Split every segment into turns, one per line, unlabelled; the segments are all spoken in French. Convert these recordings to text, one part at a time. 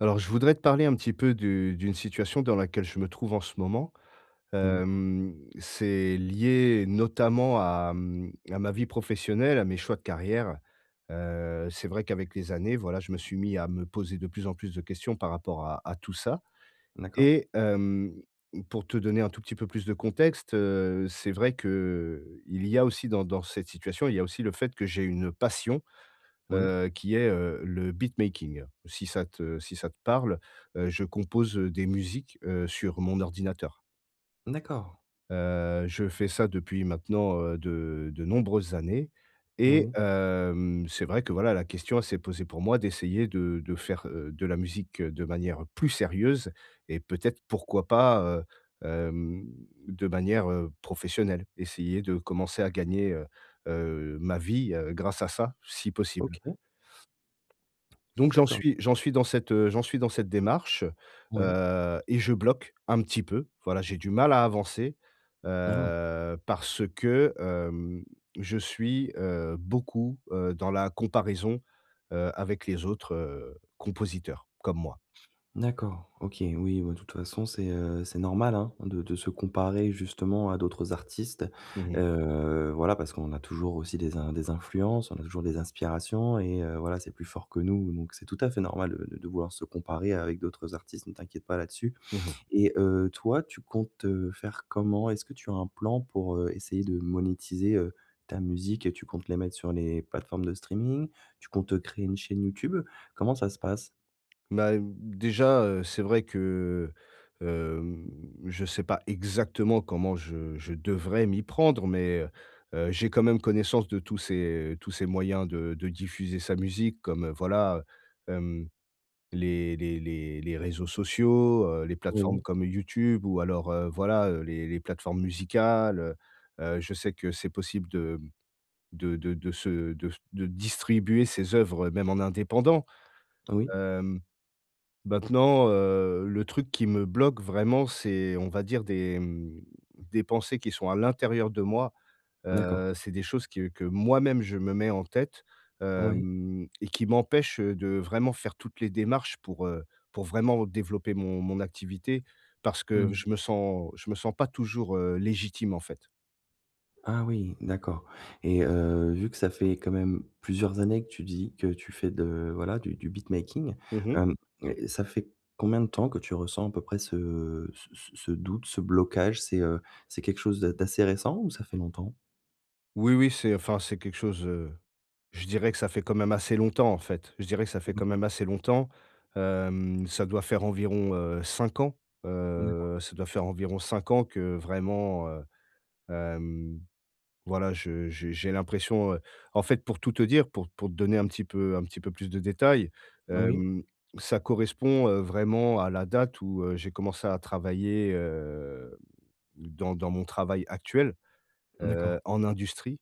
Alors je voudrais te parler un petit peu de d'une situation dans laquelle je me trouve en ce moment.
Moui.
Hem, c'est lié notamment à, mmh, à ma vie professionnelle, à mes choix de carrière. Heu, c'est vrai qu'avec les années, voilà, je me suis mis à me poser de plus en plus de questions par rapport à à tout ça
D'accord.
et hem, pour te donner un tout petit peu plus de contexte, heu, c'est vrai qu'il y a aussi dans dans cette situation, il y a aussi le fait que j'ai une passion,
Oui.
heu, qui est, heu, le beat making, si ça te si ça te parle. Heu, je compose, heu, des musiques heu, sur mon ordinateur.
D'accord.
Heu, je fais ça depuis maintenant, heu, de de nombreuses années. Et
Oui.
hem, c'est vrai que voilà, la question, elle s'est posée pour moi d'essayer de de faire, heu, de la musique heu, de manière plus sérieuse et peut-être pourquoi pas, heu, hem, de manière, heu, professionnelle. Essayer de commencer à gagner, heu heu, ma vie, heu, grâce à ça, si possible.
OK.
Donc j'en
D'accord.
suis j'en suis dans cette, heu, j'en suis dans cette démarche,
Ouais.
heu et je bloque un petit peu, voilà, j'ai du mal à avancer,
Ah!
heu, parce que, hem, je suis, heu, beaucoup, heu, dans la comparaison, heu, avec les autres, heu, compositeurs comme moi.
D'accord, OK, oui, ouais. De toute façon, c'est, heu, c'est normal, hein! De de se comparer justement à d'autres artistes.
Mmh mh.
Heu, voilà, parce qu'on a toujours aussi des in des influences, on a toujours des inspirations et heu, voilà, c'est plus fort que nous donc c'est tout à fait normal de de de vouloir se comparer avec d'autres artistes, ne t'inquiète pas là-dessus.
Mmh mh.
Et heu, toi, tu comptes, heu, faire comment? Est-ce que tu as un plan pour, heu, essayer de monétiser, heu, ta musique et tu comptes les mettre sur les plateformes de streaming? Tu comptes, heu, créer une chaîne YouTube? Comment ça se passe?
Bah, d déjà, heu, c'est vrai que, hem, je sais pas exactement comment je je devrais m'y prendre, mais heu, j'ai quand même connaissance de tous ces tous ces moyens de de diffuser sa musique comme, heu, voilà, hem, les les les les réseaux sociaux, heu, les plateformes
Oui.
comme YouTube ou alors, heu, voilà, heu, les les plateformes musicales, heu heu, je sais que c'est possible de de de de se de s de distribuer ses œuvres même en indépendant.
Oui.
Hem, maintenant, heu, le truc qui me bloque vraiment, c'est, on va dire, des, mmh, des pensées qui sont à l'intérieur de moi.
D'accord.
Heu, c'est des choses qui, heu, que moi-même je me mets en tête,
Oui.
hem et qui m'empêchent, heu, de vraiment faire toutes les démarches pour, heu, pour vraiment développer mon mon activité parce
Mmh
que
mh.
je me sens je me sens pas toujours, heu, légitime, en fait.
Ah oui, d'accord. Et, heu, vu que ça fait quand même plusieurs années que tu dis que tu fais de voilà, du du beat making,
Mmh mh.
hem, ça ça fait combien de temps que tu ressens à peu près ce ce ce ce doute, ce blocage? C'est, heu, c'est quelque chose d'a d'assez récent ou ça fait longtemps?
Oui, oui, c'est enfin, c'est quelque chose, heu, je dirais que ça fait quand même assez longtemps, en fait, je dirais que ça fait quand
Mmh.
même assez longtemps. Hem, ça doit faire environ, heu, 5 ans,
D'accord.
heu, ça doit faire environ 5 ans que vraiment heu, hem, voilà, je je j'ai l'impression heu, en fait, pour tout te dire, pour pour te donner un petit peu, heu, un petit peu plus de détails,
Oui.
hem, ça correspond, heu, vraiment à la date où, heu, j'ai commencé à travailler, heu, dans dans mon travail actuel, heu,
D'accord.
en industrie.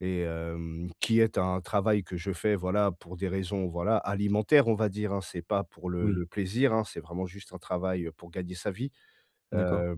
Et hem, qui est un travail que je fais, voilà, pour des raisons, voilà, alimentaires, on va dire, hein. C'est pas pour le
Oui.
le plaisir, hein. C'est vraiment juste un travail, heu, pour gagner sa vie.
D'accord.
Heu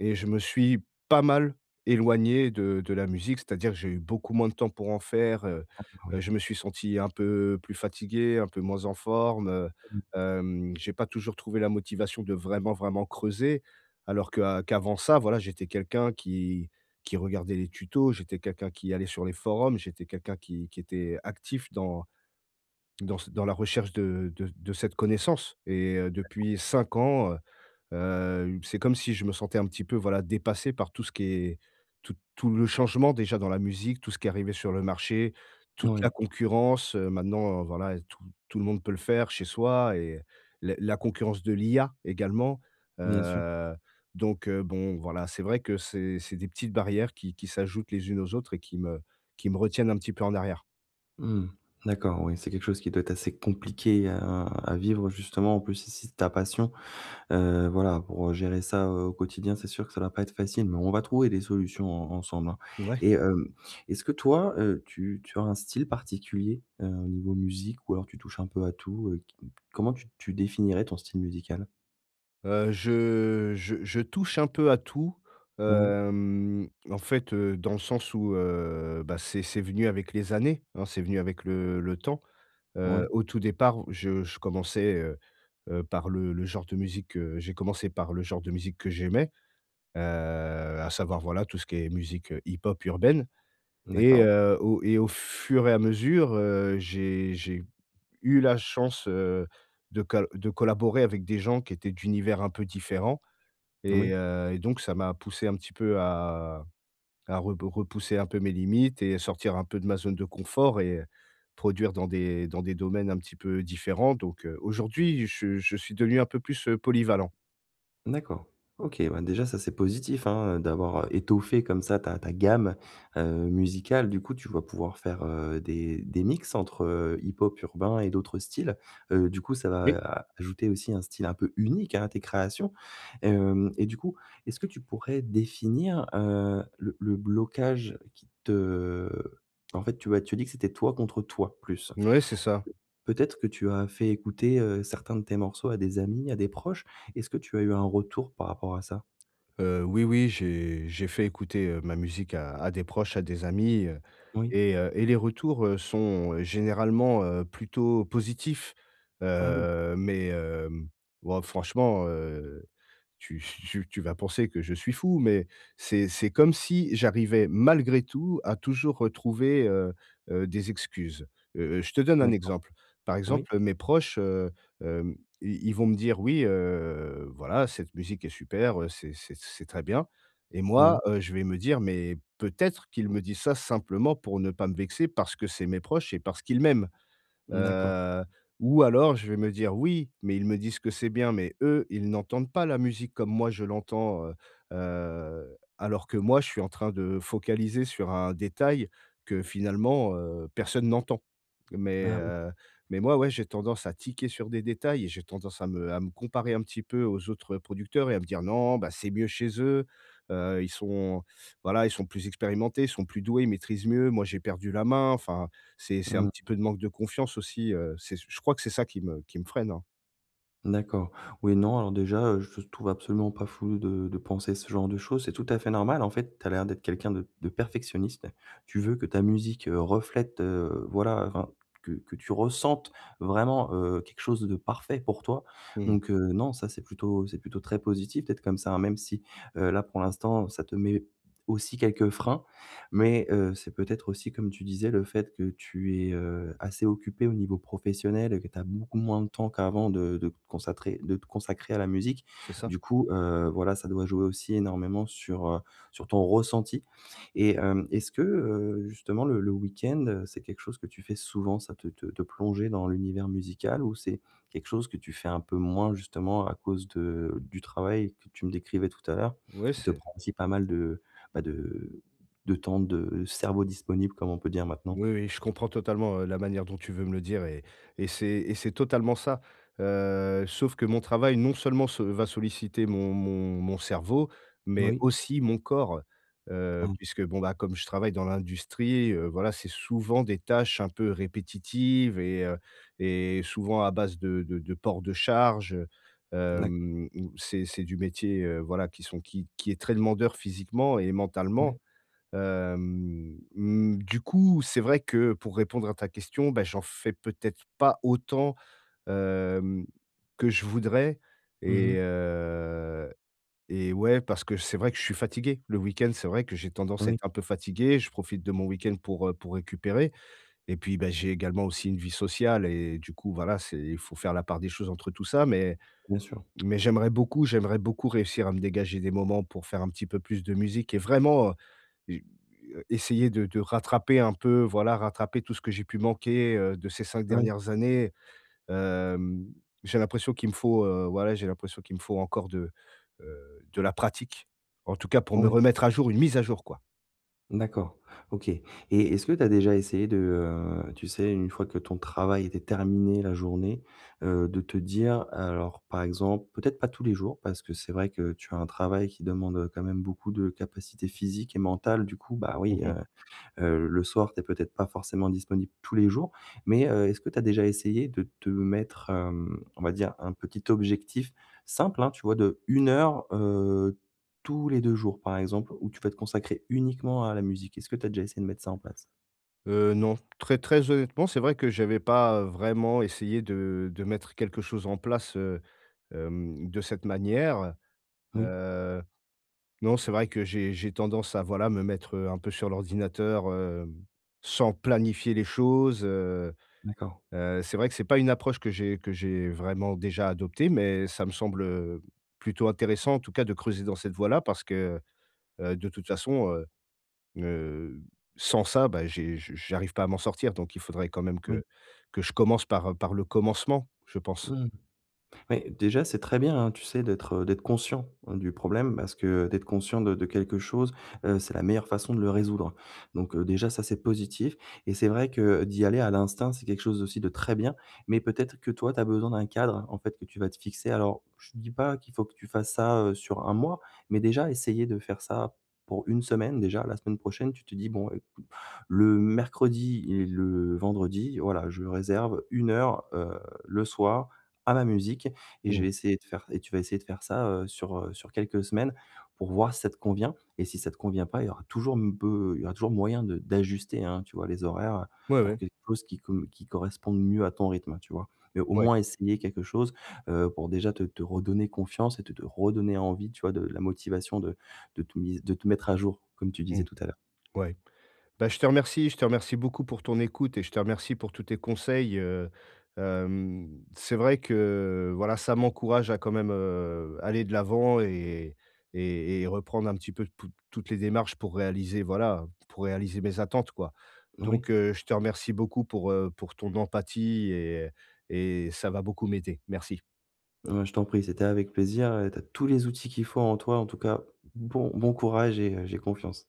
et je me suis pas mal éloigné de de la musique, c'est-à-dire que j'ai eu beaucoup moins de temps pour en faire, heu
Ah
heu
oui.
je me suis senti un peu plus fatigué, un peu moins en forme, heu,
Mmh.
hem j'ai pas toujours trouvé la motivation de vraiment, vraiment creuser. Alors que, heu, qu'avant ça, voilà, j'étais quelqu'un qui qui regardait les tutos, j'étais quelqu'un qui allait sur les forums, j'étais quelqu'un qui qui était, heu, actif dans dans s dans la recherche de de de cette connaissance et heu,
D'accord
depuis 5 ans, heu heu, c'est comme si je me sentais un petit peu, voilà, dépassé par tout ce qui est tout tout le changement déjà dans la musique, tout ce qui est arrivé sur le marché, toute la
Oui.
concurrence, heu, maintenant, heu, voilà, tout tout le monde peut le faire chez soi et, le la concurrence de l'IA, également,
Bien sûr.
heu, donc, heu, bon, voilà, c'est vrai que c'est c'est des petites barrières qui qui s'ajoutent les unes aux autres et qui me qui me retiennent un petit peu en arrière.
Mmh mh. D'accord, ouais, c'est quelque chose qui doit être assez compliqué heu, à à vivre justement, en plus si si c'est ta passion, heu, voilà, pour heu, gérer ça, heu, au quotidien, c'est sûr que ça doit pas être facile, mais on va trouver des solutions en ensemble, hein!
Ouais.
Et hem, est-ce que toi, heu, tu tu as un style particulier, heu, au niveau musique ou alors tu touches un peu à tout, heu, qui comment tu tu définirais ton style musical?
Heu, je je je touche un peu à tout,
Oui.
hem, en fait, heu, dans le sens où heu, bah, c'est c'est venu avec les années, hein, c'est venu avec le le temps, heu,
Ouais.
au tout départ, je je commençais, heu heu, par le le genre de musique, heu, j'ai commencé par le genre de musique que j'aimais, heu à savoir, voilà, tout ce qui est musique heu hip-hop urbaine et
D'accord.
heu, au et au fur et à mesure, heu, j'ai j'ai eu la chance, heu, de col de collaborer avec des gens qui étaient d'univers un peu différents. Et
Oui.
heu, et donc ça m'a poussé un petit peu à à reb repousser un peu mes limites et sortir un peu de ma zone de confort et heu, produire dans des dans des domaines un petit peu différents, donc, heu, aujourd'hui, je je suis devenu un peu plus heu, polyvalent.
D'accord. OK, bah déjà ça, c'est positif, hein. Heu, d'avoir heu, étoffé comme ça ta ta gamme, heu, musicale. Du coup, tu vas pouvoir faire, heu, des des mix entre heu, hip-hop urbain et d'autres styles. Heu, du coup, ça va
Oui.
a ajouter aussi un style un peu unique, hein, à tes créations. Et hem, et du coup, est-ce que tu pourrais définir, heu, le le blocage qui te en fait, tu vois, tu dis que c'était toi contre toi, plus
Ouais, c'est ça.
Peut-être que tu as fait écouter, heu, certains de tes morceaux à des amis, à des proches? Est-ce que tu as eu un retour par rapport à ça?
Heu, oui, oui. J'ai j'ai fait écouter, heu, ma musique à à des proches, à des amis. Heu
Oui.
et heu, et les retours, heu, sont généralement, heu, plutôt positifs.
Ah oui.
Heu, mais hem ouais, franchement, heu, tu tu tu vas penser que je suis fou, mais c'est c'est comme si j'arrivais malgré tout, à toujours retrouver, heu heu, des excuses. Heu heu, je te donne un
D'accord.
exemple. Par
Oui.
exemple, mes proches, heu, hem, i ils vont me dire: «Oui heu, voilà, cette musique est super. Heu, c'est c'est c'est très bien», et moi,
Ouais.
heu, je vais me dire: «Mais peut-être qu'ils me disent ça simplement pour ne pas me vexer parce que c'est mes proches et parce qu'ils m'aiment».
D'accord.
Heu, ou alors, je vais me dire: «Oui, mais ils me disent que c'est bien, mais eux, ils n'entendent pas la musique comme moi, je l'entends», heu heu, alors que moi, je suis en train de focaliser sur un détail que finalement heu, personne n'entend. Mais,
Ah oui.
heu mais moi, ouais j'ai tendance à tiquer sur des détails et j'ai tendance à me à me comparer un petit peu aux autres producteurs et à me dire: «Non, bah, c'est mieux chez eux. Heu, ils sont voilà ils sont plus expérimentés, ils sont plus doués, ils maîtrisent mieux. Moi j'ai perdu la main". Enfin, c'est c'est un
Mmh.
petit peu de manque de confiance aussi, heu, c'est c je crois que c'est ça qui me qui me freine, hein.
D'accord. Oui, non, alors, déjà, heu, je te trouve absolument pas fou de de penser ce genre de choses. C'est tout à fait normal, en fait. Tu as l'air d'être quelqu'un de de perfectionniste. Tu veux que ta musique, heu, reflète, heu, voilà, enfin, que que tu ressentes vraiment, heu, quelque chose de parfait pour toi.
Mmh.
Donc heu, non, ça, c'est plutôt c'est plutôt très positif, peut-être, comme ça, hein, même si, heu, là, pour l'instant, ça te met aussi quelques freins, mais heu, c'est peut-être aussi, comme tu disais, le fait que tu es, heu, assez occupé au niveau professionnel et que tu as beaucoup moins de temps qu'avant de de te consacrer de te consacrer à la musique.
C'est ça.
Du coup, heu, voilà, ça doit jouer aussi énormément sur, heu, sur ton ressenti et hem, est-ce que, heu, justement, le le week-end, heu, c'est quelque chose que tu fais souvent, ça, te te te plonger dans l'univers musical ou c'est quelque chose que tu fais un peu moins, justement, à cause de du travail que tu me décrivais tout à l'heure,
Oui,
qui te
c'est
prend aussi pas mal de, bah, de de temps de cerveau disponible, comme on peut dire maintenant?
Oui, oui, je comprends totalement, heu, la manière dont tu veux me le dire et et c'est et c'est totalement ça. Heu, sauf que mon travail, non seulement, se va solliciter mon mon mon cerveau mais
Oui.
aussi mon corps. Heu,
Mmh.
puisque, bon, bah, comme je travaille dans l'industrie, heu, voilà, c'est souvent des tâches un peu répétitives et heu, et souvent à base de de de port de charge, heu,
D'acc
hem où c'est c'est du métier, heu, voilà, qui sont qui qui est très demandeur physiquement et mentalement.
Ouais.
Hem, mmh, du coup, c'est vrai que, pour répondre à ta question, bah, j'en fais peut-être pas autant, hem, que je voudrais
Mmh
et
mh.
heu et ouais, parce que c'est vrai que je suis fatigué. Le week-end, c'est vrai que j'ai tendance à
Oui.
être un peu fatigué. Je profite de mon week-end pour, heu, pour récupérer et puis, bah, j'ai également aussi une vie sociale et du coup, voilà, c'est il faut faire la part des choses entre tout ça. Mais
Bien sûr.
mais j'aimerais beaucoup, j'aimerais beaucoup réussir à me dégager des moments pour faire un petit peu plus de musique et vraiment, heu, j heu, essayer de de rattraper un peu, voilà, rattraper tout ce que j'ai pu manquer, heu, de ces 5
Oui.
dernières années. Hem, j'ai l'impression qu'il me faut, heu, voilà, j'ai l'impression qu'il me faut encore de, heu, de la pratique, en tout cas, pour me
Ouais.
remettre à jour, une mise à jour, quoi.
D'accord, OK et est-ce que tu as déjà essayé de, heu, tu sais, une fois que ton travail était terminé, la journée, heu, de te dire alors par exemple, peut-être pas tous les jours parce que c'est vrai que tu as un travail qui demande, heu, quand même beaucoup de capacités physiques et mentales du coup, bah,
Mmh
oui,
mh.
heu heu, le soir, tu es peut-être pas forcément disponible tous les jours. Mais heu, est-ce que tu as déjà essayé de te mettre, hem, on va dire un petit objectif simple, hein, tu vois, de 1 heure, heu, tous les 2 jours par exemple où tu vas te consacrer uniquement à la musique. Est-ce que tu as déjà essayé de mettre ça en place?
Heu, non, très très honnêtement, c'est vrai que j'avais pas, heu, vraiment essayé de de mettre quelque chose en place, heu, hem, de cette manière.
Oui.
Heu, non, c'est vrai que j'ai j'ai tendance à voilà me mettre, heu, un peu sur l'ordinateur, hem, sans planifier les choses, heu
D'accord.
heu, c'est vrai que c'est pas une approche que j'ai que j'ai vraiment déjà adoptée mais ça me semble, heu, plutôt intéressant en tout cas de creuser dans cette voie-là parce que, heu, de toute façon, heu heu, sans ça, bah, j'ai je j'arrive pas à m'en sortir donc il faudrait quand même
Oui.
que que je commence par par le commencement, je pense.
Mmh. Mais déjà c'est très bien hein, tu sais d'être, heu, d'être conscient, heu, du problème parce que d'être conscient de de quelque chose, heu, c'est la meilleure façon de le résoudre. Donc heu, déjà ça c'est positif et c'est vrai que d'y aller à l'instinct c'est quelque chose aussi de très bien mais peut-être que, toi, tu as besoin d'un cadre, en fait, que tu vas te fixer. Alors je te dis pas qu'il faut que tu fasses ça, heu, sur 1 mois mais déjà essayer de faire ça pour 1 semaine déjà. La semaine prochaine tu te dis: «Bon, écoute, le mercredi et le vendredi, voilà, je réserve 1 heure, heu, le soir, à ma musique et je
Mmh.
vais essayer de faire» et tu vas essayer de faire ça, heu, sur, heu, sur quelques semaines pour voir si ça te convient et si ça te convient pas, il y aura toujours m peu il y aura toujours moyen de d'ajuster, hein, tu vois, les horaires, heu,
Ouais,
pour
ouais.
quelque chose qui com qui corresponde mieux à ton rythme, tu vois? Mais au
Ouais.
moins essayer quelque chose, heu, pour déjà te te redonner confiance et te te redonner envie, tu vois, de la motivation de de tout mise de te mettre à jour, comme tu disais
Mmh.
tout à l'heure.
Ouais. Bah, je te remercie je te remercie beaucoup pour ton écoute et je te remercie pour tous tes conseils, heu, hem, c'est vrai que, voilà, ça m'encourage à quand même, heu, aller de l'avant et et et reprendre un petit peu tou toutes les démarches pour réaliser, voilà, heu, pour réaliser mes attentes, quoi.
Oui.
Donc heu, je te remercie beaucoup pour, heu, pour ton empathie et et ça va beaucoup m'aider. Merci.
Bah, je t'en prie, c'était avec plaisir et tu as tous les outils qu'il faut en toi, en tout cas, bon bon courage et heu, j'ai confiance.